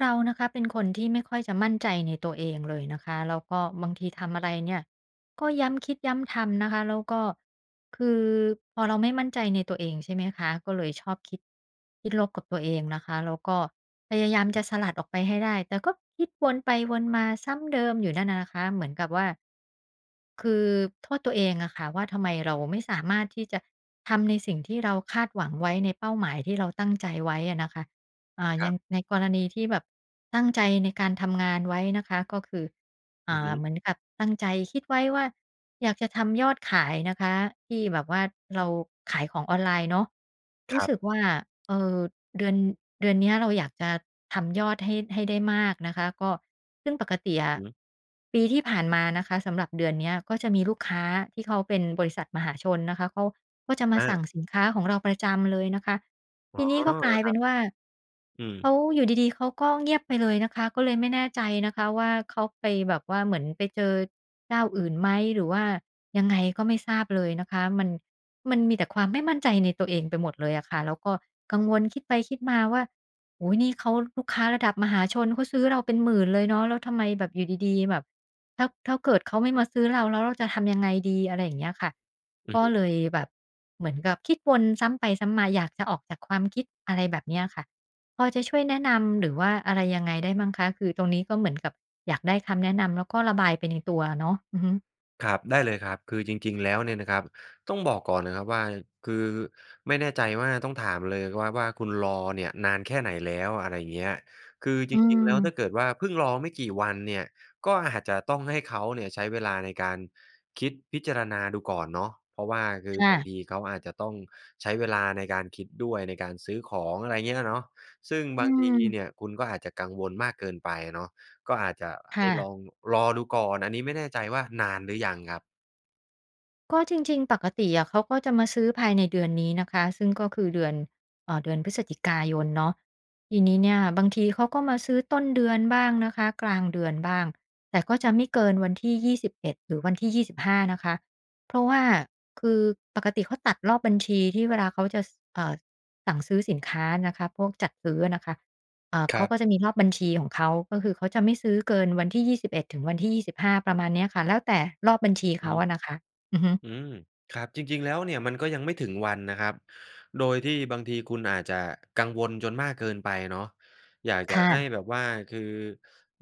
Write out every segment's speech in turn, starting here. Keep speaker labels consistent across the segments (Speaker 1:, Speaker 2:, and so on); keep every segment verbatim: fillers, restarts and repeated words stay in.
Speaker 1: เรานะคะเป็นคนที่ไม่ค่อยจะมั่นใจในตัวเองเลยนะคะ แล้วก็บางทีทำอะไรเนี่ยก็ย้ำคิดย้ำทำนะคะ แล้วก็คือ พอเราไม่มั่นใจในตัวเอง ใช่ไหมคะ ก็เลยชอบคิด คิดลบกับตัวเองนะคะ แล้วก็พยายาม
Speaker 2: อ
Speaker 1: จ
Speaker 2: ือฮึ
Speaker 1: ะสลัดออกไปให้ได้ แต่ก็คิดวนไปวนมาซ้ำเดิมอยู่นั่นน่ะนะคะ เหมือนกับว่า คือโทษตัวเองอะค่ะว่า ทำไมเราไม่สามารถที่จะทำในสิ่งที่เราคาดหวังไว้ ในเป้าหมายที่เราตั้งใจไว้อะนะคะ อ่า
Speaker 2: ค
Speaker 1: อย
Speaker 2: ร
Speaker 1: ่
Speaker 2: ับ
Speaker 1: างในกรณีที่แบบตั้งใจในการทำงานไว้นะคะ ก็คือ อ
Speaker 2: อ
Speaker 1: ่
Speaker 2: ือฮ
Speaker 1: า
Speaker 2: ึ
Speaker 1: เหมือนกับตั้งใจคิดไว้ว่า อยากจะทำยอดขายนะคะ ที่แบบว่า เราขายของออนไลน์เนาะ ร
Speaker 2: ค
Speaker 1: ู้
Speaker 2: รับ
Speaker 1: สึกว่า เอ่อ เดือน เดือนเนี้ย เราอยากจะทำยอดให้ ให้ได้มากนะคะ ก็ ซึ่งปกติอ
Speaker 2: อือ
Speaker 1: ะ
Speaker 2: ฮึ
Speaker 1: ปีที่ผ่านมานะคะ สำหรับเดือนเนี้ย ก็จะมีลูกค้าที่เขาเป็นบริษัทมหาชนนะคะ เขาก็จะมา
Speaker 2: อา
Speaker 1: สั่งสินค้าของเราประจำเลยนะคะ
Speaker 2: อ
Speaker 1: ท
Speaker 2: ๋อ
Speaker 1: ีนี้ก็ก
Speaker 2: เห
Speaker 1: ล
Speaker 2: ร
Speaker 1: า
Speaker 2: อ
Speaker 1: ย
Speaker 2: ค
Speaker 1: เป
Speaker 2: รั
Speaker 1: ็
Speaker 2: บ?
Speaker 1: นว่า
Speaker 2: อื
Speaker 1: เข
Speaker 2: ม
Speaker 1: า อยู่ดี ๆ เขาก็เงียบไปเลยนะคะ ก็เลยไม่แน่ใจนะคะว่า เขาไปแบบว่าเหมือนไปเจอเจ้าอื่นไหม? หรือว่ายังไง? ก็ไม่ทราบเลยนะคะ มัน มันมีแต่ความไม่มั่นใจในตัวเองไปหมดเลยอะค่ะ แล้วก็กังวลคิดไปคิดมาว่า "โอ้โฮ! นี่เขาลูกค้าระดับมหาชน เขาซื้อเราเป็น หมื่น เลยเนาะ แล้วทำไมแบบอยู่ดี ๆ แบบ ถ้า ถ้าเกิดเขาไม่มาซื้อเรา แล้วเราจะทำยังไงดี?" อะไรอย่างเงี้ยค่ะ
Speaker 2: อ
Speaker 1: ก็
Speaker 2: ื
Speaker 1: เ
Speaker 2: อ
Speaker 1: ลยแบบเหมือนกับ คิดวนซ้ำไปซ้ำมา อยากจะออกจากความคิด อะไรแบบเนี้ยอะค่ะ พอจะช่วยแนะนำหรือว่าอะไรยังไงได้มั่งคะ? คือตรงนี้ก็เหมือนกับอยากได้คำแนะนำ แล้วก็ระบายไปในตัวอะเนาะ อือฮึ
Speaker 2: ครับ ได้เลยครับ คือจริง ๆ แล้วเนี่ยนะครับ ต้องบอกก่อนนะครับว่า คือไม่แน่ใจว่า ต้องถามเลยครับว่า คุณรอเนี่ยนานแค่ไหนแล้ว? อะไรอย่างเงี้ย คือจ
Speaker 1: อื
Speaker 2: ริง ๆ แล้ว ถ้
Speaker 1: ม
Speaker 2: าเกิดว่าเพิ่งรอไม่กี่วันเนี่ย ก็อาจจะต้องให้เขาเนี่ย ใช้เวลาในการคิดพิจารณาดูก่อนเนาะ เพราะว่าคือ
Speaker 1: ค่
Speaker 2: บา
Speaker 1: ะ
Speaker 2: งทีเขาอาจจะต้องใช้เวลาในการคิดด้วย ในการซื้อของ อะไรอย่างเงี้ยน่ะเนาะ ซึ่ง
Speaker 1: อื
Speaker 2: บางที
Speaker 1: ม
Speaker 2: เนี่ย คุณก็อาจจะกังวลมากเกินไปเนาะ ก็อาจจะ
Speaker 1: ค
Speaker 2: ให
Speaker 1: ่
Speaker 2: ้ลอ
Speaker 1: ะ
Speaker 2: งรอดูก่อน อันนี้ไม่แน่ใจว่านานหรือยังครับ?
Speaker 1: ก็จริง ๆ ปกติอะ เขาก็จะมาซื้อภายในเดือนนี้นะคะ ซึ่งก็คือเดือน เอ่อ เดือนพฤศจิกายนเนาะ ทีนี้เนี่ย บางทีเขาก็มาซื้อต้นเดือนบ้างนะคะ กลางเดือนบ้าง แต่ก็จะไม่เกินวันที่ ยี่สิบเอ็ด หรือวันที่ ยี่สิบห้า นะคะ เพราะว่า คือปกติเขาตัดรอบบัญชีที่เวลาเขาจะ ส เอ่อ สั่งซื้อสินค้านะคะ พวกจัดซื้อนะคะ เอ่อ
Speaker 2: ค
Speaker 1: เข
Speaker 2: ร
Speaker 1: า
Speaker 2: ับ
Speaker 1: ก็จะมีรอบบัญชีของเขา ก็คือเขาจะไม่ซื้อเกินวันที่ ยี่สิบเอ็ด ถึงวันที่ ยี่สิบห้า ประมาณเนี้ยค่ะ แล้วแต่รอบบัญชี
Speaker 2: อ
Speaker 1: เข
Speaker 2: ือ
Speaker 1: า
Speaker 2: ฮึ
Speaker 1: อะนะคะ อือฮึ
Speaker 2: อืม ครับจริง ๆ แล้วเนี่ย มันก็ยังไม่ถึงวันนะครับ โดยที่ บางทีคุณอาจจะกังวลจนมากเกินไปเนาะ อยากจ
Speaker 1: ค
Speaker 2: ะ
Speaker 1: ่
Speaker 2: ให้
Speaker 1: ะ
Speaker 2: แบบว่า คือ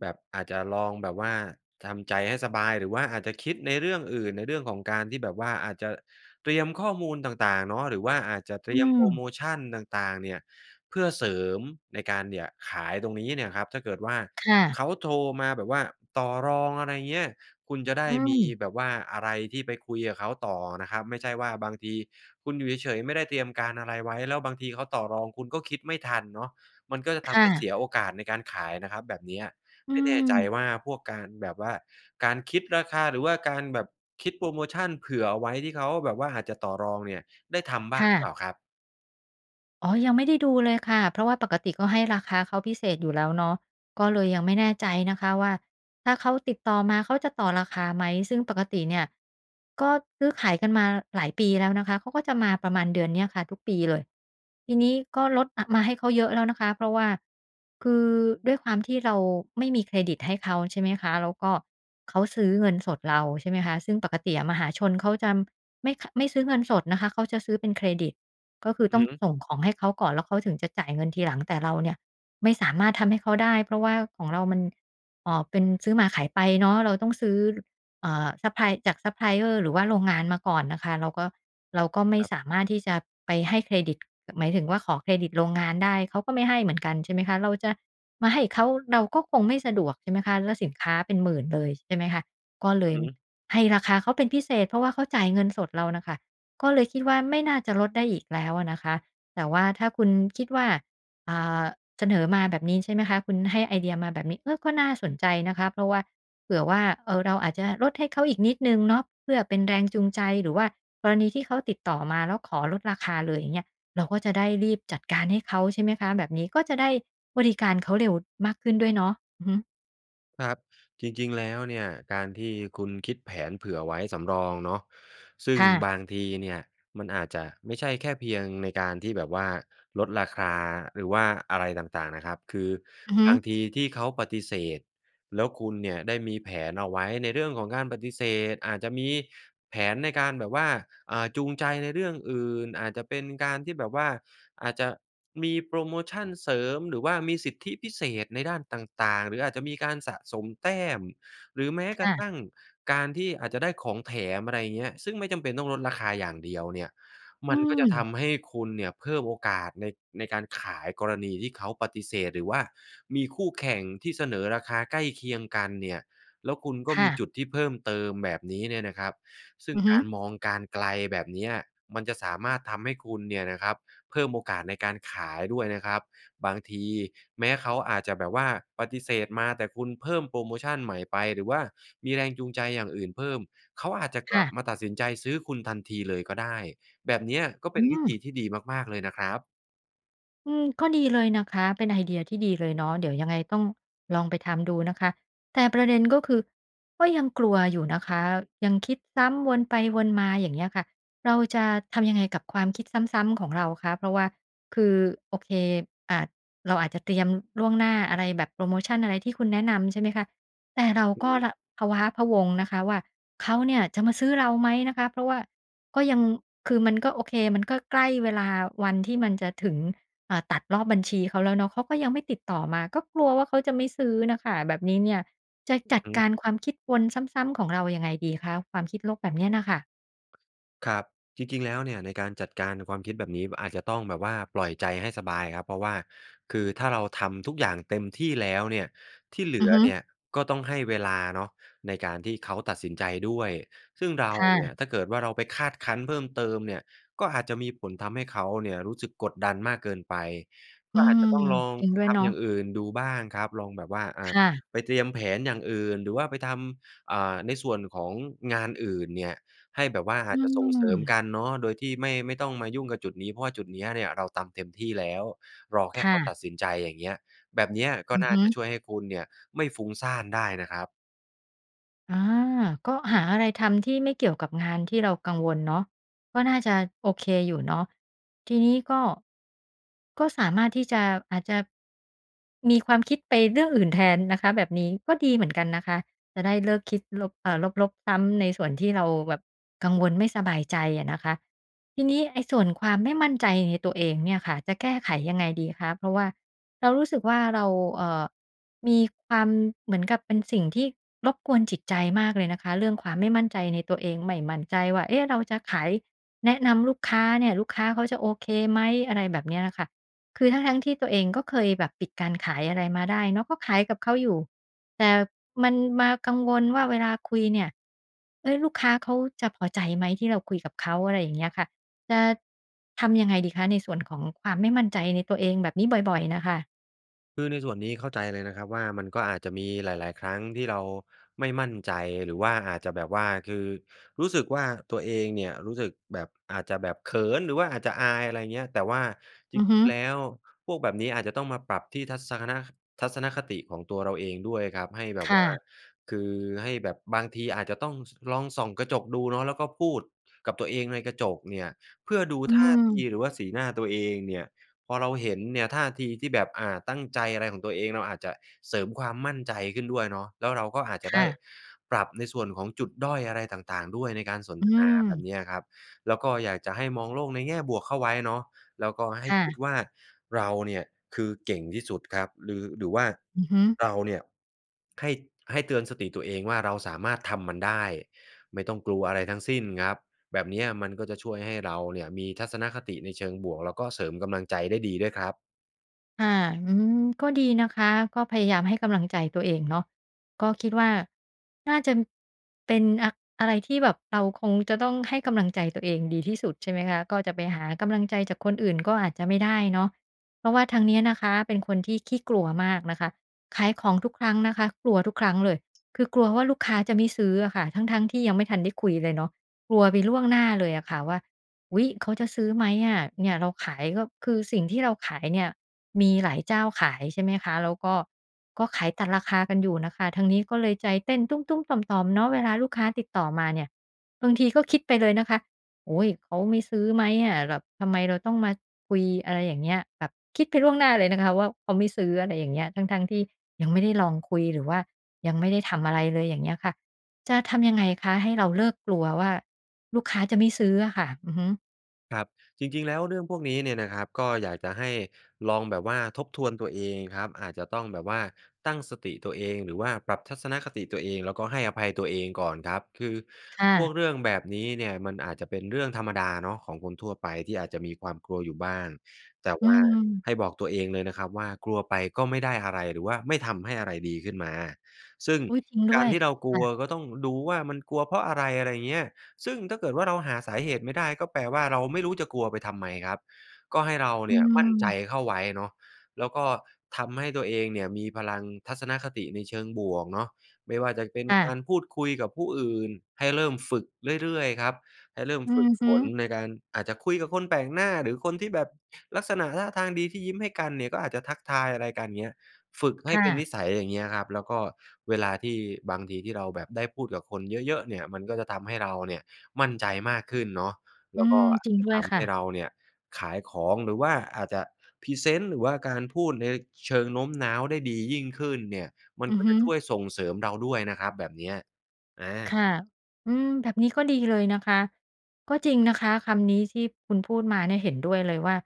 Speaker 2: แบบอาจจะลองแบบว่าทำใจให้สบาย หรือว่าอาจจะคิดในเรื่องอื่น ในเรื่องของการที่แบบว่า อาจจะเตรียมข้อมูลต่าง ๆ เนาะ หรือว่าอาจจะเต
Speaker 1: อ
Speaker 2: ร
Speaker 1: ื
Speaker 2: ียมโพรโ
Speaker 1: ม
Speaker 2: มชันต่าง ๆ เนี่ย เพื่อเสริมในการ เนี่ย ขายตรงนี้เนี่ยครับ ถ้าเกิดว่า
Speaker 1: ค่ะ
Speaker 2: เขาโทรมาแบบว่าต่อรอง อะไรเงี้ย คุณจะได้
Speaker 1: อื
Speaker 2: มี
Speaker 1: ม
Speaker 2: แบบว่าอะไรที่ไปคุยกับเขาต่อนะครับ ไม่ใช่ว่าบางทีคุณอยู่เฉย ๆ ไม่ได้เตรียมการอะไรไว้ แล้วบางทีเขาต่อรองคุณก็คิดไม่ทันเนาะ มันก็จะ
Speaker 1: ค
Speaker 2: ท
Speaker 1: ่
Speaker 2: ำให้เส
Speaker 1: ะ
Speaker 2: ียโอกาสในการขายนะครับแบบเนี้ย
Speaker 1: อื
Speaker 2: ไม่แน่ใจ
Speaker 1: ม
Speaker 2: ว่าพวกการแบบว่า การคิดราคา หรือว่าการแบบคิดโพรโมชันเผื่อเอาไว้ที่เขาแบบว่าอาจจะต่อรองเนี่ย ได้ทำบ
Speaker 1: ค
Speaker 2: ้าง
Speaker 1: ่
Speaker 2: หรือเป
Speaker 1: ะ
Speaker 2: ล่าครับ?
Speaker 1: อ๋อ ยังไม่ได้ดูเลยค่ะ เพราะว่าปกติก็ให้ราคาเขาพิเศษอยู่แล้วเนาะ ก็เลยยังไม่แน่ใจนะคะว่า ถ้าเขาติดต่อมา เขาจะต่อราคาไหม? ซึ่งปกติเนี่ย ก็ซื้อขายกันมาหลายปีแล้วนะคะ เขาก็จะมาประมาณเดือนเนี้ยค่ะ ทุกปีเลย ทีนี้ก็ลด อะ มาให้เขาเยอะแล้วนะคะ เพราะว่า คือด้วยความที่เราไม่มีเครดิตให้เขา ใช่ไหมคะ แล้วก็ เขาซื้อเงินสดเรา ใช่ไหมคะ ซึ่งปกติอะมหาชนเขาจะไม่คะ ไม่ซื้อเงินสดนะคะ เขาจะซื้อเป็นเครดิต ก็คือ
Speaker 2: อื
Speaker 1: ต้
Speaker 2: อ
Speaker 1: อ
Speaker 2: ฮ
Speaker 1: ง
Speaker 2: ึ
Speaker 1: ส่งของให้เขาก่อน แล้วเขาถึงจะจ่ายเงินทีหลัง แต่เราเนี่ยไม่สามารถทำให้เขาได้ เพราะว่าของเรามัน เอ่อ เป็นซื้อมาขายไปเนาะ เราต้องซื้อ อ่า ซัปพลาย จาก ซัปพลายเออร์ หรือว่าโรงงานมาก่อนน่ะค่ะ เราก็ เราก็ไม่
Speaker 2: ครับ
Speaker 1: สามารถที่จะไปให้เครดิต หมายถึงว่าขอเครดิตโรงงานได้ เขาก็ไม่ให้เหมือนกัน ใช่ไหมคะ เราจะมาให้เขา เราก็คงไม่สะดวก ใช่ไหมคะ แล้วสินค้าเป็น หมื่น เลย ใช่ไหมคะ ก็เลย
Speaker 2: อือฮึ
Speaker 1: ให้ราคาเขาเป็นพิเศษ เพราะว่าเขาจ่ายเงินสดเราน่ะค่ะ ก็เลยคิดว่าไม่น่าจะลดได้อีกแล้วอะนะคะ แต่ว่าถ้าคุณคิดว่า อ่า เสนอมาแบบนี้ ใช่ไหมคะ คุณให้ไอเดียมาแบบนี้ เออ ก็น่าสนใจนะคะ เพราะว่า เผื่อว่า เออ เราอาจจะลดให้เขาอีกนิดหนึ่งเนาะเพื่อเป็นแรงจูงใจ หรือว่ากรณีที่เขาติดต่อมาแล้วขอลดราคาเลย อย่างเงี้ย เราก็จะได้รีบจัดการให้เขา ใช่ไหมคะ แบบนี้ก็จะได้บริการเขาเร็วมากขึ้นด้วยเนาะ อือฮึ
Speaker 2: ครับ จริง ๆ แล้วเนี่ย การที่คุณคิดแผนเผื่อไว้สำรองเนาะ ซึ่
Speaker 1: ค
Speaker 2: ง
Speaker 1: ่ะ
Speaker 2: บางทีเนี่ย มันอาจจะไม่ใช่แค่เพียงในการที่แบบว่าลดราคาหรือว่าอะไรต่าง ๆ นะครับ คือ
Speaker 1: อือฮึ
Speaker 2: บางทีที่เขาปฏิเสธ แล้วคุณเนี่ย ได้มีแผนเอาไว้ในเรื่องของการปฏิเสธ อาจจะมีแผนในการแบบว่า อ่า จูงใจในเรื่องอื่น อาจจะเป็นการที่แบบว่า อาจจะมีโพรโมชันเสริม หรือว่ามีสิทธิพิเศษในด้านต่าง ๆ หรืออาจจะมีการสะสมแต้ม หรือแม้
Speaker 1: ค
Speaker 2: กร
Speaker 1: ่
Speaker 2: ะ
Speaker 1: ะ
Speaker 2: ทั่งการที่อาจจะได้ของแถม อะไรอย่างเงี้ย ซึ่งไม่จำเป็นต้องลดราคาอย่างเดียวเนี่ย
Speaker 1: อ
Speaker 2: ม
Speaker 1: ื
Speaker 2: ันก็จะท
Speaker 1: ม
Speaker 2: ำให้คุณเนี่ยเพิ่มโอกาสใน ในการขายกรณีที่เขาปฏิเสธ หรือว่ามีคู่แข่งที่เสนอราคาใกล้เคียงกันเนี่ย แล้วคุณก็
Speaker 1: ค่
Speaker 2: มี
Speaker 1: ะ
Speaker 2: จุดที่เพิ่มเติมแบบนี้เนี่ยนะครับ ซึ่
Speaker 1: อ
Speaker 2: ง
Speaker 1: ือฮ
Speaker 2: ก
Speaker 1: ึ
Speaker 2: ารมองการณ์ไกลแบบเนี้ย มันจะสามารถทำให้คุณเนี่ยนะครับ เพิ่มโอกาสในการขายด้วยนะครับ บางทีแม้เขาอาจจะแบบว่าปฏิเสธมา แต่คุณเพิ่มโพรโมชันใหม่ไป หรือว่ามีแรงจูงใจอย่างอื่นเพิ่ม เขาอาจจะก
Speaker 1: ค
Speaker 2: ล
Speaker 1: ่
Speaker 2: ั
Speaker 1: ะ
Speaker 2: บมาตัดสินใจซื้อคุณทันทีเลยก็ได้ แบบเนี้ยก็
Speaker 1: อ
Speaker 2: เป
Speaker 1: ื
Speaker 2: ็นวิธี
Speaker 1: ม
Speaker 2: ที่ดีมาก ๆ เลยนะครับ
Speaker 1: อืม ก็ดีเลยนะคะ เป็นไอเดียที่ดีเลยเนาะ เดี๋ยวยังไงต้องลองไปทำดูนะคะ แต่ประเด็นก็คือ ก็ยังกลัวอยู่นะคะ ยังคิดซ้ำวนไปวนมา อย่างเงี้ยค่ะ เราจะทำยังไงกับความคิดซ้ำ ๆ ของเราคะ? เพราะว่า คือ โอเค อ่า เราอาจจะเตรียมล่วงหน้า อะไรแบบ โพรโมชันอะไรที่คุณแนะนำ ใช่ไหมคะ แต่เรา
Speaker 2: อือ
Speaker 1: ก็
Speaker 2: ฮึ
Speaker 1: ร พะว้าพะวง นะคะว่า เขาเนี่ยจะมาซื้อเราไหม? นะคะ เพราะว่าก็ยัง คือมันก็ โอเค มันก็ใกล้เวลา วันที่มันจะถึง อ่า ตัดรอบบัญชีเขาแล้วเนาะ เขาก็ยังไม่ติดต่อมา ก็กลัวว่าเขาจะไม่ซื้อน่ะค่ะ แบบนี้เนี่ยจะจ
Speaker 2: อือ
Speaker 1: ัด
Speaker 2: ฮึ
Speaker 1: การความคิดวนซ้ำ ๆ ของเรายังไงดีคะ? ความคิดลบแบบนี้น่ะค่ะ?
Speaker 2: ครับ จริง ๆ แล้วเนี่ย ในการจัดการความคิดแบบนี้ อาจจะต้องแบบว่าปล่อยใจให้สบายครับ เพราะว่าคือถ้าเราทำทุกอย่างเต็มที่แล้วเนี่ย ที่เหล
Speaker 1: อื
Speaker 2: ื
Speaker 1: อ
Speaker 2: อ
Speaker 1: ฮึ
Speaker 2: เนี่ยก็ต้องให้เวลาเนาะ ในการที่เขาตัดสินใจด้วย ซึ่งเรา
Speaker 1: ค่
Speaker 2: เนี
Speaker 1: ะ
Speaker 2: ่ย ถ้าเกิดว่าเราไปคาดคั้นเพิ่มเติมเนี่ย ก็อาจจะมีผลทำให้เขาเนี่ยรู้สึกกดดันมากเกินไป ก
Speaker 1: อื
Speaker 2: ็อาจ
Speaker 1: ม
Speaker 2: จะต้องลอง
Speaker 1: จริงด้ว
Speaker 2: ท
Speaker 1: ยเนา
Speaker 2: ำอ
Speaker 1: ะ
Speaker 2: ย่างอื่นดูบ้างครับ ลองแบบว่า อ่
Speaker 1: ค
Speaker 2: า
Speaker 1: ่ะ
Speaker 2: ไปเตรียมแผนอย่างอื่น หรือว่าไปทำ อ่า ในส่วนของงานอื่นเนี่ย ให้แบบว่าอ
Speaker 1: อื
Speaker 2: าจจะส่งเสริม
Speaker 1: ม
Speaker 2: กันเนาะ โดยที่ไม่ ไม่ต้องมายุ่งกับจุดนี้ เพราะว่าจุดนี้เนี่ยเราทำเต็มที่แล้ว รอแค
Speaker 1: ค
Speaker 2: ่
Speaker 1: ่
Speaker 2: เขา
Speaker 1: ะ
Speaker 2: ตัดสินใจ อย่างเงี้ย แบบเนี้ยก็
Speaker 1: อือ
Speaker 2: น่
Speaker 1: ฮ
Speaker 2: า
Speaker 1: ึ
Speaker 2: จะช่วยให้คุณเนี่ยไม่ฟุ้งซ่านได้นะครับ
Speaker 1: อา ก็หาอะไรทำที่ไม่เกี่ยวกับงานที่เรากังวลเนาะ ก็น่าจะโอเคอยู่เนาะ ทีนี้ก็ ก็สามารถที่จะ อาจจะมีความคิดไปเรื่องอื่นแทนนะคะ แบบนี้ก็ดีเหมือนกันนะคะ จะได้เลิกคิดลบ อ่า ลบ ๆ ซ้ำในส่วนที่เราแบบกังวลไม่สบายใจอะนะคะ ทีนี้ไอ้ส่วนความไม่มั่นใจในตัวเองเนี่ยค่ะ จะแก้ไขยังไงดีคะ? เพราะว่าเรารู้สึกว่า เรา เอ่อ มีความ เหมือนกับเป็นสิ่งที่รบกวนจิตใจมากเลยนะคะ เรื่องความไม่มั่นใจในตัวเอง ไม่มั่นใจว่า เอ๊ะ! เราจะขาย แนะนำลูกค้าเนี่ย ลูกค้าเขาจะโอเคไหม? อะไรแบบเนี้ยค่ะ คือทั้ง ๆ ที่ตัวเองก็เคยแบบปิดการขาย อะไรมาได้เนาะ ก็ขายกับเขาอยู่ แต่มันมากังวลว่า เวลาคุยเนี่ย เฮ้ย ลูกค้าเขาจะพอใจไหม? ที่เราคุยกับเขา อะไรอย่างเงี้ยค่ะ จะทำยังไงดีคะ ในส่วนของความไม่มั่นใจในตัวเองแบบนี้บ่อย ๆ น่ะค่ะ?
Speaker 2: คือในส่วนนี้เข้าใจเลยนะครับว่า มันก็อาจจะมีหลาย ๆ ครั้งที่เราไม่มั่นใจ หรือว่าอาจจะแบบว่า คือรู้สึกว่า ตัวเองเนี่ย รู้สึกแบบ อาจจะแบบเขิน หรือว่าอาจจะอาย อะไรอย่างเงี้ย แต่ว่าจ
Speaker 1: อือฮ
Speaker 2: ริ
Speaker 1: ึ
Speaker 2: ง ๆ แล้ว พวกแบบนี้อาจจะต้องมาปรับที่ทัศคะนะ ทัศนคติของตัวเราเองด้วยครับ ให้แบ
Speaker 1: ค
Speaker 2: บ
Speaker 1: ่
Speaker 2: ว่า
Speaker 1: ะ
Speaker 2: คือให้แบบบางทีอาจจะต้อง ส ลองส่องกระจกดูเนาะ แล้วก็พูดกับตัวเองในกระจกเนี่ย เพื่อดู
Speaker 1: อื
Speaker 2: ท่าที
Speaker 1: ม
Speaker 2: หรือว่าสีหน้าตัวเองเนี่ย พอเราเห็นเนี่ยท่าทีที่แบบ อ่า ตั้งใจ อะไรของตัวเอง เราอาจจะเสริมความมั่นใจขึ้นด้วยเนาะ แล้วเราก็อาจจ
Speaker 1: ค
Speaker 2: ะได
Speaker 1: ่
Speaker 2: ้
Speaker 1: ะ
Speaker 2: ปรับในส่วนของจุดด้อยอะไรต่าง ๆ ด้วย ในการสน
Speaker 1: อื
Speaker 2: ทนา แบบ
Speaker 1: ม
Speaker 2: นี้อะครับ แล้วก็อยากจะให้มองโลกในแง่บวกเข้าไว้เนาะ แล้วก็ให้
Speaker 1: ค่
Speaker 2: คิด
Speaker 1: ะ
Speaker 2: ว่า เราเนี่ย คือเก่งที่สุดครับ หรือ หรือว่า
Speaker 1: อือฮึ
Speaker 2: เราเนี่ย ให้ ให้เตือนสติตัวเองว่า เราสามารถทำมันได้ ไม่ต้องกลัวอะไรทั้งสิ้นครับ แบบเนี้ยมันก็จะช่วยให้เราเนี่ยมีทัศนคติในเชิงบวก แล้วก็เสริมกำลังใจได้ดีด้วยครับ
Speaker 1: ค่ะ อืม ก็ดีนะคะ ก็พยายามให้กำลังใจตัวเองเนาะ ก็คิดว่า น่าจะ เป็น อ อะไรที่แบบเราคงจะต้องให้กำลังใจตัวเองดีที่สุด ใช่ไหมคะ ก็จะไปหากำลังใจจากคนอื่น ก็อาจจะไม่ได้เนาะ เพราะว่าทางนี้นะคะเป็นคนที่ขี้กลัวมากนะคะ ขายของทุกครั้งนะคะ กลัวทุกครั้งเลย คือกลัวว่า ลูกค้าจะไม่ซื้ออะค่ะ ทั้ง ๆ ที่ยังไม่ทันได้คุยเลยเนาะ กลัวไปล่วงหน้าเลยอะค่ะว่า อุ๊ย! เขาจะซื้อไหมอะ? เนี่ย เราขายก็ คือสิ่งที่เราขายเนี่ยมีหลายเจ้าขาย ใช่ไหมคะ แล้วก็ ก็ขายตัดราคากันอยู่น่ะค่ะ ทางนี้ก็เลยใจเต้นตุ๊ม ๆ ต่อม ๆ เนาะ เวลาลูกค้าติดต่อมาเนี่ย บางทีก็คิดไปเลยนะคะ "โอ๊ย เขาไม่ซื้อไหมอะ แบบทำไมเราต้องมาคุย?" อะไรอย่างเงี้ย แบบคิดไปล่วงหน้าเลยนะคะว่า เขาไม่ซื้อ อะไรอย่างเงี้ย ทั้ง ๆ ที่ยังไม่ได้ลองคุยหรือว่ายังไม่ได้ทำอะไรเลย อย่างเงี้ยค่ะ จะทำยังไงคะ? ให้เราเลิกกลัวว่า ลูกค้าจะไม่ซื้ออะค่ะ อือฮึ
Speaker 2: ครับ จริง ๆ แล้วเรื่องพวกนี้เนี่ยนะครับ ก็อยากจะให้ลองแบบว่าทบทวนตัวเองครับ อาจจะต้องแบบว่าตั้งสติตัวเอง หรือว่าปรับทัศนคติตัวเอง แล้วก็ให้อภัยตัวเองก่อนครับ คือ
Speaker 1: ค่
Speaker 2: พว
Speaker 1: ะ
Speaker 2: กเรื่องแบบนี้เนี่ยมันอาจจะเป็นเรื่องธรรมดาเนาะของคนทั่วไป ที่อาจจะมีความกลัวอยู่บ้าง แต่
Speaker 1: อื
Speaker 2: ว่า
Speaker 1: ม
Speaker 2: ให้บอกตัวเองเลยนะครับว่า กลัวไปก็ไม่ได้อะไร หรือว่าไม่ทำให้อะไรดีขึ้นมา ซึ่ง
Speaker 1: อุ๊ย! จริงด
Speaker 2: ก
Speaker 1: ้
Speaker 2: า
Speaker 1: ว
Speaker 2: ร
Speaker 1: ย
Speaker 2: ที่เราก
Speaker 1: ค
Speaker 2: ล
Speaker 1: ่
Speaker 2: ัว
Speaker 1: ะ
Speaker 2: ก็ต้องดูว่า มันกลัวเพราะอะไร? อะไรเงี้ย ซึ่งถ้าเกิดว่า เราหาสาเหตุไม่ได้ ก็แปลว่า เราไม่รู้จะกลัวไปทำไมครับ ก็ให้เรา
Speaker 1: อ
Speaker 2: เน
Speaker 1: ื
Speaker 2: ี่ยมั่นใจ
Speaker 1: ม
Speaker 2: เข้าไว้เนาะ แล้วก็ทำให้ตัวเองเนี่ยมีพลังทัศนคติในเชิงบวกเนาะ ไม่ว่าจะเป็น
Speaker 1: ค่
Speaker 2: ก
Speaker 1: ะ
Speaker 2: ารพูดคุยกับผู้อื่น ให้เริ่มฝึกเรื่อย ๆ ครับ ให้เริ่ม
Speaker 1: อื
Speaker 2: ฝึ
Speaker 1: อ
Speaker 2: ก
Speaker 1: ฮ
Speaker 2: ฝ
Speaker 1: ึ
Speaker 2: นในการ อาจจะคุยกับคนแปลกหน้า หรือคนที่แบบลักษณะท่าทางดี ที่ยิ้มให้กันเนี่ย ก็อาจจะทักทายอะไรกัน เงี้ย ฝึกให
Speaker 1: ค
Speaker 2: ้
Speaker 1: ่
Speaker 2: เป็นนิ
Speaker 1: ะ
Speaker 2: สัย อย่างเงี้ยครับ แล้วก็เวลาที่ บางทีที่เราแบบได้พูดกับคนเยอะ ๆ เนี่ยมันก็จะทำให้เราเนี่ยมั่นใจมากขึ้นเนาะ
Speaker 1: อ
Speaker 2: แ
Speaker 1: ื
Speaker 2: ล้วก
Speaker 1: ม
Speaker 2: ็
Speaker 1: จริง
Speaker 2: จะ
Speaker 1: ด้ว
Speaker 2: ท
Speaker 1: ยค
Speaker 2: ำให
Speaker 1: ่ะ
Speaker 2: ้เราเนี่ยขายของ หรือว่าอาจจะพรีเซนต์ หรือว่าการพูดในเชิงโน้มน้าวได้ดียิ่งขึ้นเนี่ย มัน
Speaker 1: อือ
Speaker 2: ก็
Speaker 1: ฮ
Speaker 2: จ
Speaker 1: ึ
Speaker 2: ะช่วยส่งเสริมเราด้วยนะครับ แบบเนี้ย อ
Speaker 1: ค
Speaker 2: า
Speaker 1: ่ะ อืม แบบนี้ก็ดีเลยนะคะ ก็จริงนะคะคำนี้ที่คุณพูดมาเนี่ย เห็นด้วยเลยว่า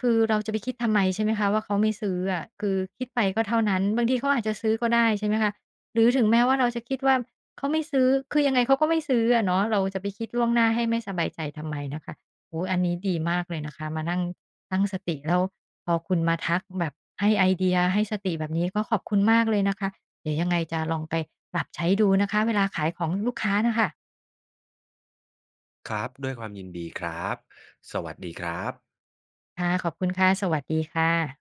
Speaker 1: คือเราจะไปคิดทำไมใช่ไหมคะว่า เขาไม่ซื้ออะ คือคิดไปก็เท่านั้น บางทีเขาอาจจะซื้อก็ได้ใช่ไหมคะ หรือถึงแม้ว่า เราจะคิดว่า เขาไม่ซื้อ คือยังไงเขาก็ไม่ซื้ออะเนาะ เราจะไปคิดล่วงหน้าให้ไม่สบายใจทำไมนะคะ โอ้ อันนี้ดีมากเลยนะคะ มานั่งตั้งสติ แล้วพอคุณมาทักแบบให้ไอเดีย ให้สติแบบนี้ ก็ขอบคุณมากเลยนะคะ เดี๋ยวยังไงจะลองไปปรับใช้ดูนะคะเวลาขายของลูกค้าน่ะค่ะ
Speaker 2: ครับ ด้วยความยินดีครับ สวัสดีครับ
Speaker 1: ค่ะ ขอบคุณค่ะ สวัสดีค่ะ